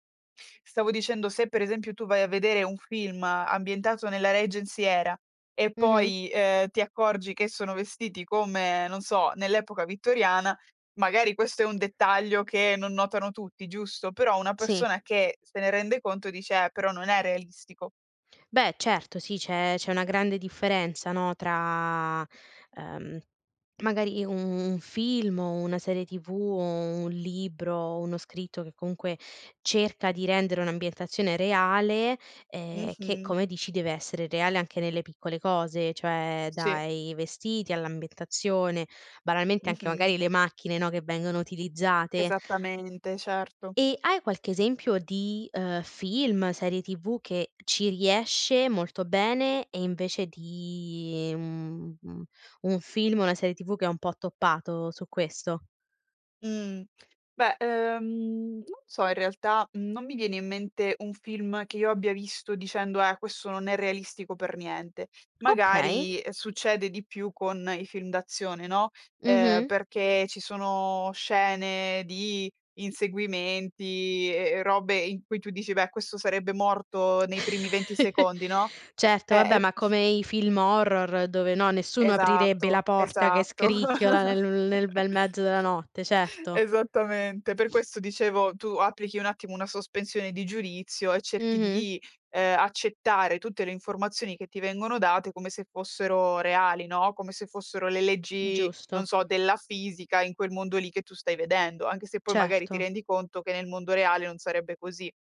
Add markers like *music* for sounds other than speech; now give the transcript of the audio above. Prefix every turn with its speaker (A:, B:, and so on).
A: Stavo dicendo, se per esempio tu vai a vedere un film ambientato nella Regency Era e
B: Mh-mh.
A: poi, uhm, ti accorgi che sono vestiti come, non so, nell'epoca vittoriana, magari questo è un dettaglio che non notano tutti, giusto, però una
B: Sì.
A: persona che se ne rende conto dice: "Eh, però non è realistico."
B: Beh, certo sì, c'è c'è una grande differenza, no, tra, ehm, magari u un film o una serie TV o un libro, uno scritto che comunque cerca di rendere un'ambientazione reale, ehm, che,
A: Mh-mh.
B: come dici, deve essere reale anche nelle piccole cose, cioè
A: Sì.
B: dai vestiti all'ambientazione, banalmente anche
A: Mh-mh.
B: magari le macchine, no, che vengono utilizzate.
A: Esattamente, certo.
B: E hai qualche esempio di, uhm, film, serie TV che ci riesce molto bene e invece di, mhmm, un film, una serie TV che ha un po' toppato su questo?
A: Mh. Beh, ehm, non so, in realtà non mi viene in mente un film che io abbia visto dicendo: "Eh, questo non è realistico per niente."
B: Okay.
A: Magari, ehm, succede di più con i film d'azione, no, ehm,
B: Mh-mh.
A: perché ci sono scene di inseguimenti e e robe in cui tu dici: "Beh, questo sarebbe morto nei primi 20
B: *chuckles*
A: secondi", no.
B: Certo,
A: Eh,
B: vabbè,
A: e
B: ma come i film horror dove, no, nessuno aprirebbe la
A: Esatto,
B: porta che
A: esatto.
B: scricchiola nel nel
A: *chuckles*
B: bel mezzo della notte, certo.
A: Esattamente. Per
B: *sniffs*
A: questo dicevo, tu applichi un attimo una sospensione di giudizio e cerchi
B: Mh-mh.
A: di, ehm, accettare tutte le informazioni che ti vengono date come se fossero reali, no, come se fossero le
B: Mh,
A: leggi, non
B: giusto.
A: so, della fisica in quel mondo lì che tu stai vedendo, anche se poi magari ti
B: Certo.
A: rendi conto che nel mondo reale non sarebbe così.